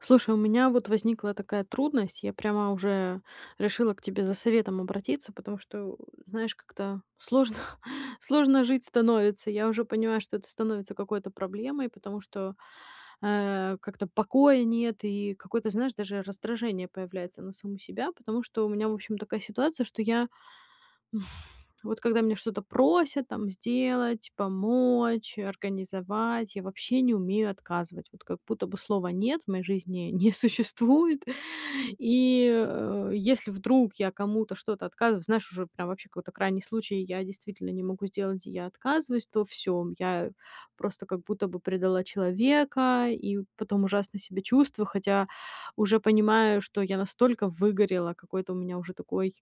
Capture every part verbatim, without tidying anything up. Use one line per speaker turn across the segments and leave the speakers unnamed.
Слушай, у меня вот возникла такая трудность. Я прямо уже решила к тебе за советом обратиться, потому что, э, знаешь, как-то сложно сложно жить становится. Я уже понимаю, что это становится какой-то проблемой, потому что, э, как-то покоя нет и какое-то, знаешь, даже раздражение появляется на саму себя, потому что у меня, в общем, такая ситуация, что я, вот когда меня что-то просят, там, сделать, помочь, организовать, я вообще не умею отказывать. Вот как будто бы слова "нет" в моей жизни не существует. И, э, если вдруг я кому-то что-то отказываю, знаешь, уже прям вообще какой-то крайний случай, и я действительно не могу сделать, и я отказываюсь, то всё, м, я просто как будто бы предала человека, и у потом ужасно себя чувствую, хотя уже понимаю, что я настолько выгорела, какой-то у меня уже такой,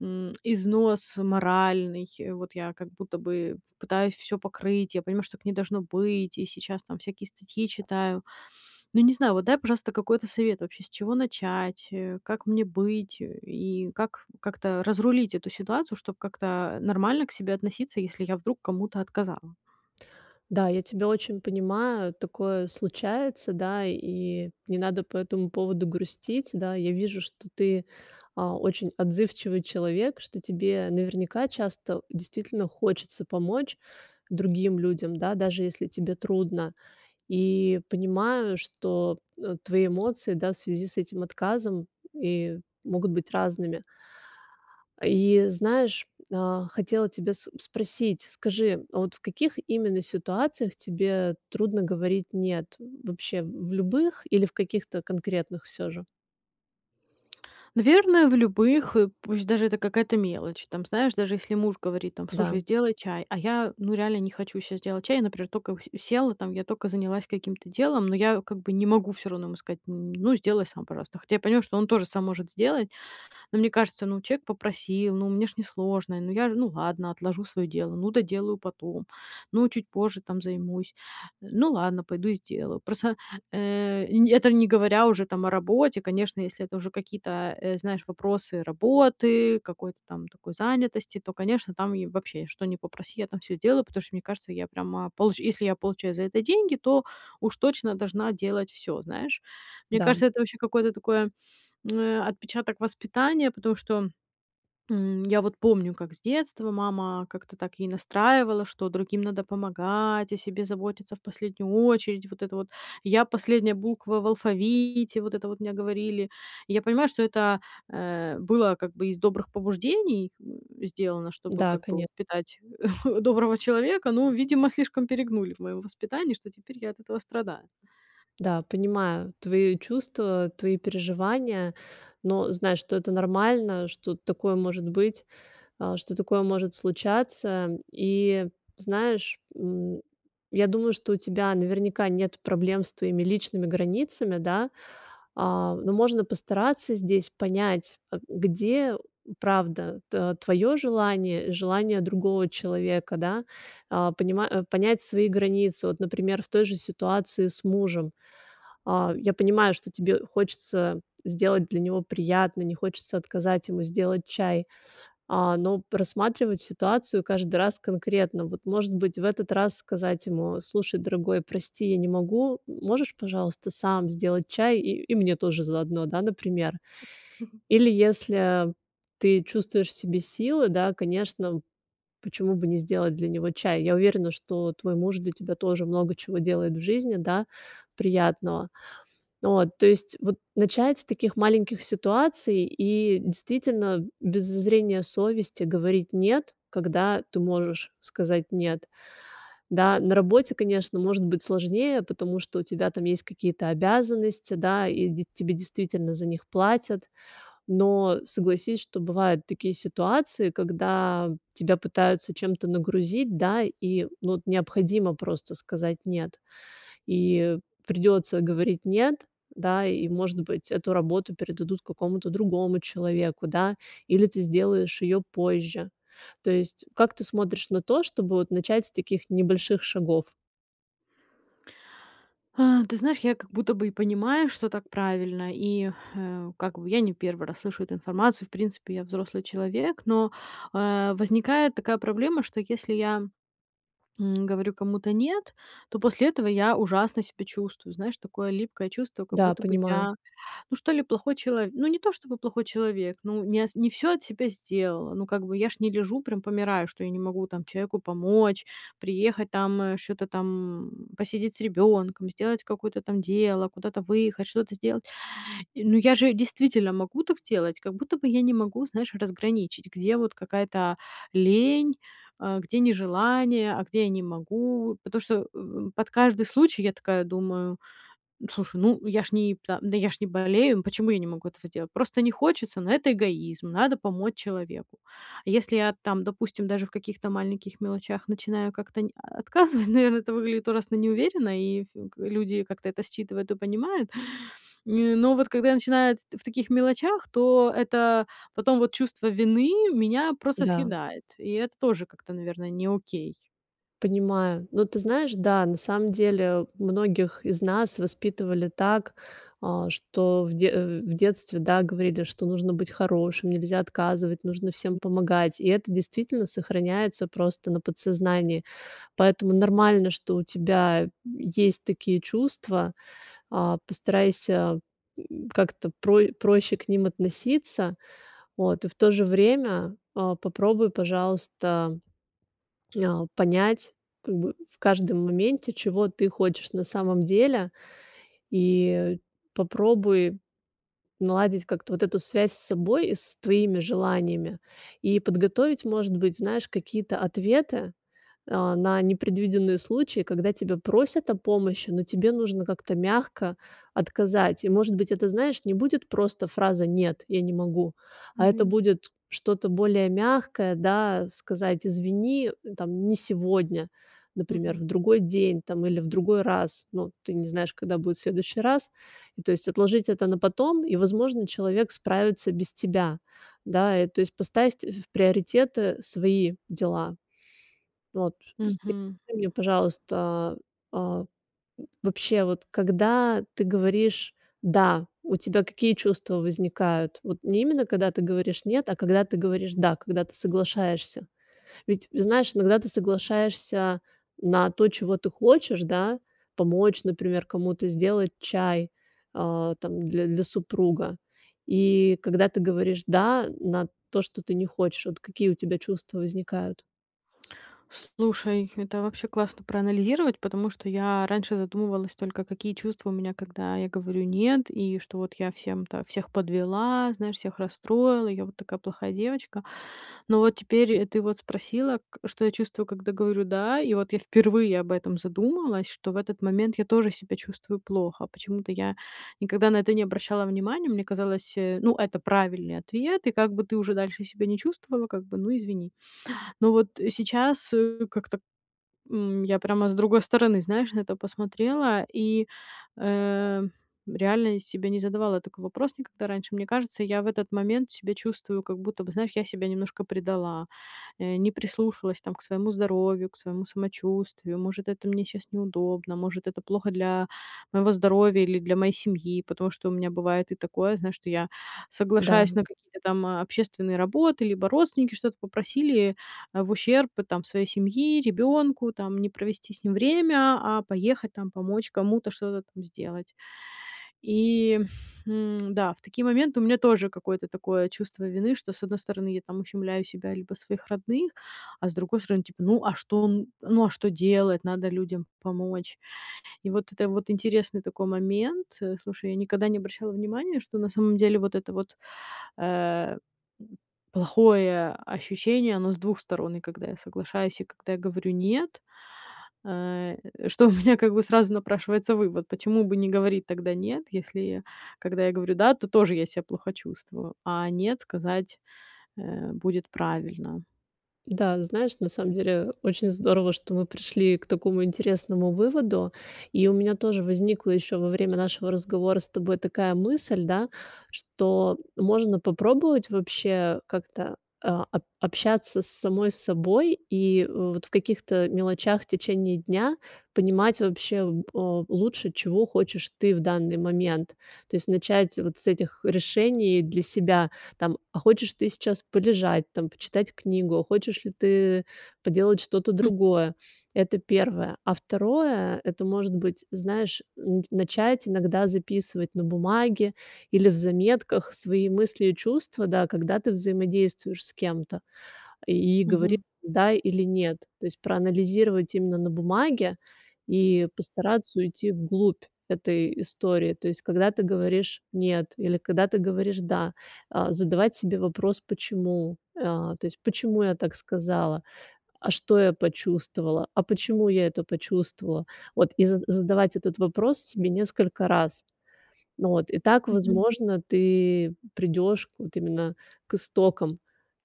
м, износ моральный, вот я как будто бы ф пытаюсь всё покрыть. Я понимаю, что так не должно быть, и сейчас там всякие статьи читаю. Ну, не знаю, вот дай, пожалуйста, какой-то совет вообще, с чего начать, э, как мне быть и как как-то разрулить эту ситуацию, чтоб как-то, э, нормально к себе относиться, если я вдруг кому-то отказала.
Да, я тебя очень понимаю, такое случается, да, и не надо по этому поводу грустить. Да, я вижу, что ты, а, очень отзывчивый человек, что тебе наверняка часто действительно хочется помочь другим людям, да, даже если тебе трудно. И понимаю, что, э, твои эмоции, да, в связи с этим отказом и могут быть разными. И знаешь, а, хотела тебя с спросить, скажи, а вот в каких именно ситуациях тебе трудно говорить нет- вообще в любых или в каких-то конкретных всё же?
Наверное, в любых, э, пусть даже это какая-то мелочь. Там, знаешь, даже если муж говорит там:
Да.
"Слушай, сделай чай",- а я, ну, реально не хочу щас делать чай. Я, например, только у с села там, я только занялась каким-то делом, но я как бы не могу всё равно ему сказать, м: "Ну сделай сам, пожалуйста". Хотя я понимаю, что он тоже сам может сделать. Но мне кажется, ну, человек попросил, ну, мне ж не сложно, ну я, ну ладно, отложу своё дело, ну, доделаю потом, ну, чуть позже там займусь, ну ладно, пойду сделаю. Просто, э, н это не говоря уже там о работе, конечно, если это уже какие-то, э, знаешь, вопросы работы, какой-то там такой занятости, то, конечно, там и вообще, что ни попроси, я там всё сделаю, потому что мне кажется, я прямо получ если я получаю за это деньги, то уж точно должна делать всё, знаешь. Мне
Да.
кажется, это вообще какое-то такое, м, э, отпечаток воспитания, потому что, м, я вот помню, как с детства мама как-то так ей настраивала, что другим надо помогать, о себе заботиться в последнюю очередь, вот это вот: "я"- последняя буква в алфавите, вот это вот мне говорили. Я понимаю, что это, э, было как бы из добрых побуждений сделано, чтобы
Да,
как бы
коне
воспитать доброго человека, но, видимо, слишком перегнули в моём воспитании, что теперь я от этого страдаю.
Да, понимаю твои чувства, твои переживания, но знай, что это нормально, что такое может быть, э, что такое может случаться. И знаешь, м, я думаю, что у тебя наверняка нет проблем с твоими личными границами, да, э, но можно постараться здесь понять, э, где правда т твоё желание, желание другого человека, да, э, понимать э, понять свои границы. Вот, например, в той же ситуации с мужем. Э, я понимаю, что тебе хочется сделать для него приятно, не хочется отказать ему сделать чай, э, но просматривать ситуацию каждый раз конкретно. Вот может быть, в этот раз сказать ему: "Слушай, дорогой, прости, я не могу. Можешь, пожалуйста, сам сделать чай, и и мне тоже заодно." Да, например? Или если ты чувствуешь в себе силы, да, конечно, почему бы не сделать для него чай? Я уверена, что твой муж для тебя тоже много чего делает в жизни, да, приятного. Вот. То есть вот начать с таких маленьких ситуаций и действительно без зазрения совести говорить нет, когда ты можешь сказать нет. Да? На работе, конечно, может быть сложнее, потому что у тебя там есть какие-то обязанности, да, и д тебе действительно за них платят. Но согласись, что бывают такие ситуации, когда тебя пытаются чем-то нагрузить, да, и, ну, вот необходимо просто сказать нет. И придётся говорить нет, да, и может быть эту работу передадут какому-то другому человеку, да, или ты сделаешь её позже. То есть как ты смотришь на то, чтобы вот начать с таких небольших шагов?
А, ты знаешь, я как будто бы и понимаю, что так правильно. И, э, как бы я не первый раз слышу эту информацию. В принципе, я взрослый человек, но, э, возникает такая проблема, что если я, м, говорю кому-то "нет", то после этого я ужасно себя чувствую. Знаешь, такое липкое чувство, как
Да,
будто бы
понимаю.
я, ну что ли плохой чело ну не то, чтобы плохой человек, ну не ас не всё от себя сделала. Ну как бы я ж не лежу, прям помираю, что я не могу там чеку помочь, приехать там, э, чё-то там, м, посидеть с ребёнком, сделать какое-то там дело, куда-то выехать, что-то сделать. Э, ну я же действительно могу так сделать, как будто бы я не могу, знаешь, разграничить, где вот какая-то, а, лень, а, где нежелание, а где я не могу. Потому что в в под каждый случай я такая думаю, э, слушай, ну, я ж ни та да я ж не болею, почему я не могу этого сделать? Просто не хочется, ну это эгоизм, надо помочь человеку. Если я там, допустим, даже в каких-то маленьких мелочах начинаю как-то ни а отказывать, наверно, это выглядит ужасно неуверенно, и ф к люди как-то это считывают и понимают. Нь но вот когда я начинаю эт в таких мелочах, то это потом вот чувство вины меня просто
Да.
съедает, и это тоже как-то, наверно, не окей.
Понимаю. Но ты знаешь, да, на самом деле, многих из нас воспитывали так, а, что в де э, в детстве, да, говорили, что нужно быть хорошим, нельзя отказывать, нужно всем
М.
помогать. И это действительно сохраняется просто на подсознании. Поэтому нормально, что у тебя, э, есть такие чувства, а, постарайся, м, как-то про проще к ним относиться, вот, и в то же время, а, попробуй, пожалуйста, м, а, понять, как бы, в каждом моменте, чего ты хочешь на самом деле. И попробуй наладить как-то вот эту связь с собой, и с твоими желаниями. И подготовить, может быть, знаешь, какие-то ответы, а, на непредвиденные случаи, когда тебя просят о помощи, но тебе нужно как-то мягко отказать. И может быть, это, знаешь, не будет просто фраза "нет, я не могу", а это
Мгм.
будет что-то более мягкое, да, э, сказать извини, э, там, не сегодня, например,
Мгм.
в другой день, там, или в другой раз. Ну, э, ты не знаешь, когда будет следующий раз. И то есть отложить это на потом, и, возможно, человек справится без тебя. Да, и то есть поставить, э, в приоритеты, э, свои дела. Вот скажи
Мгм.
мне пожалуйста, а, м, вообще, вот когда ты говоришь "да", у тебя какие чувства возникают? Вот не именно когда ты говоришь "нет", а когда ты говоришь "да", когда ты соглашаешься. Ведь, э, знаешь, иногда ты соглашаешься на то, чего ты хочешь, да, помочь, например, кому-то сделать чай, а, там, дл для, супруга. И когда ты говоришь "да", э, на то, что ты не хочешь, вот какие у тебя чувства возникают?
Слушай, это вообще классно проанализировать. Потому что я раньше задумывалась только, какие чувства у меня, когда я говорю нет, и вот что я всем-то всех подвела, знаешь, всех расстроила, я вот такая плохая девочка. Но вот теперь и ты вот спросила, к что я чувствую, когда говорю да. И вот я впервые об этом задумалась, что в этот момент я тоже себя чувствую плохо. Почему-то я никогда на это не обращала внимания. Мне казалось, ну, это правильный ответ, и как бы ты уже дальше себя не чувствовала, как бы ну, извини. Но вот сейчас, э, как-то, м, я прямо с другой стороны, знаешь, на это посмотрела и, э. Реально себе не задавала такой вопрос никогда раньше. Мне кажется, я в этот момент себя чувствую как будто бы, знаешь, я себя немножко предала, не прислушалась, там, к своему здоровью, к своему самочувствию. Может, это мне щас неудобно, может, это плохо для моего здоровья или для моей семьи. Потому что у меня бывает и такое, знаешь, что я
Да.
соглашаюсь на какие-то там общественные работы, либо родственники что-то попросили, а, в ущерб, там, своей семьи, ребёнку, там, не провести с ним время, а поехать, там, помочь кому-то, что-то там сделать. И, м, да, в такие моменты у меня тоже какое-то такое чувство вины, что с одной стороны я, там, ущемляю себя либо своих родных, а с другой стороны, типа, ну, а что он, ну, а что делать? Надо людям помочь. И вот это вот интересный такой момент. Слушай, я никогда не обращала внимания, что на самом деле вот это вот, э, плохое ощущение, оно с двух сторон и когда я соглашаюсь, и когда я говорю нет, э, что у меня как бы сразу напрашивается вывод: почему бы не говорить тогда нет, если когда я говорю да, то тоже я себя плохо чувствую, а нет сказать, э, будет правильно.
Да, знаешь, на самом деле, э, очень здорово, что мы пришли к такому интересному выводу. И у меня тоже возникла ещё во время нашего разговора с тобой такая мысль, да, что можно попробовать вообще как-то, а, ап общаться с самой собой и, вот, в каких-то мелочах в течение дня понимать вообще б э, лучше, чего хочешь ты в данный момент. То есть начать вот с этих решений для себя, там, а хочешь ты сейчас полежать, там, почитать книгу, хочешь ли ты поделать что-то
М.
другое. Это первое. А второе, это может быть, знаешь, н начать иногда записывать на бумаге или в заметках свои мысли и чувства, да, когда ты взаимодействуешь с кем-то, и говорить
Мгм.
да или нет. То есть проанализировать именно на бумаге и постараться уйти в глубь этой истории. То есть, когда ты говоришь нет или когда ты говоришь да, а, задавать себе вопрос почему, а то есть, почему я так сказала? А что я почувствовала? А почему я это почувствовала? Вот и з задавать этот вопрос себе несколько раз. Вот, и так,
Мгм.
возможно, ты придёшь вот именно к истокам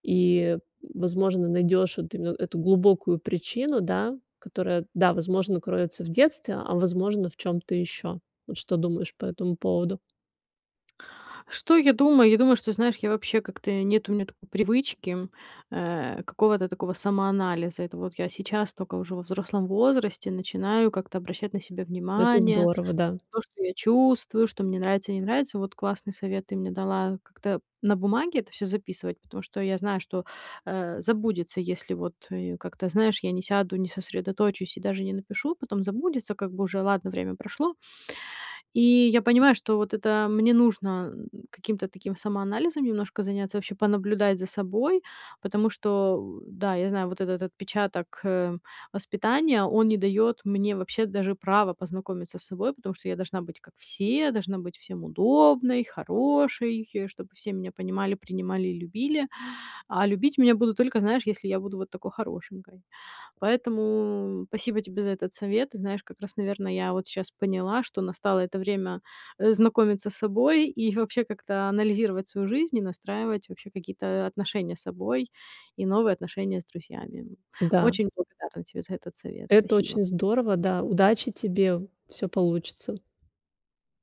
и, возможно, найдёшь вот именно эту глубокую причину, да, которая, да, возможно, кроется в детстве, а, возможно, в чём-то ещё. Вот что думаешь по этому поводу?
Что я думаю? Я думаю, что, знаешь, я вообще как-то нет у меня такой привычки, э, какого-то такого самоанализа. Это вот я сейчас тока, уже во взрослом возрасте, начинаю как-то обращать на себя
Это
внимание.
здорово, да.
То, что я чувствую, что мне нравится, не нравится. Вот классный совет ты мне дала- как-то на бумаге это всё записывать, потому что я знаю, что, э, забудется, если вот я, как-то, знаешь, я не сяду, не сосредоточусь и даже не напишу. Потом забудется, как бы уже ладно, время прошло. И я понимаю, что вот это мне нужно- каким-то таким самоанализом немножко заняться, вообще понаблюдать за собой, потому что, да, я знаю, вот этот отпечаток, э, воспитания, он не дает мне вообще даже права познакомиться с собой. Потому что я должна быть как все, должна быть всем удобной, хорошей, чтобы все меня понимали, принимали и любили, а любить меня будут только, знаешь, если я буду вот такой хорошенькой. Поэтому спасибо тебе за этот совет. Ты знаешь, как раз, наверно, я вот щас поняла, что настало это время, э, знакомиться с собой и вообще как-то анализировать свою жизнь, и настраивать вообще какие-то, э, отношения с собой и новые отношения с друзьями.
Да.
Очень благодарна тебе за этот совет.
Это
Спасибо.
очень здорово, да, удачи тебе. Всё получится!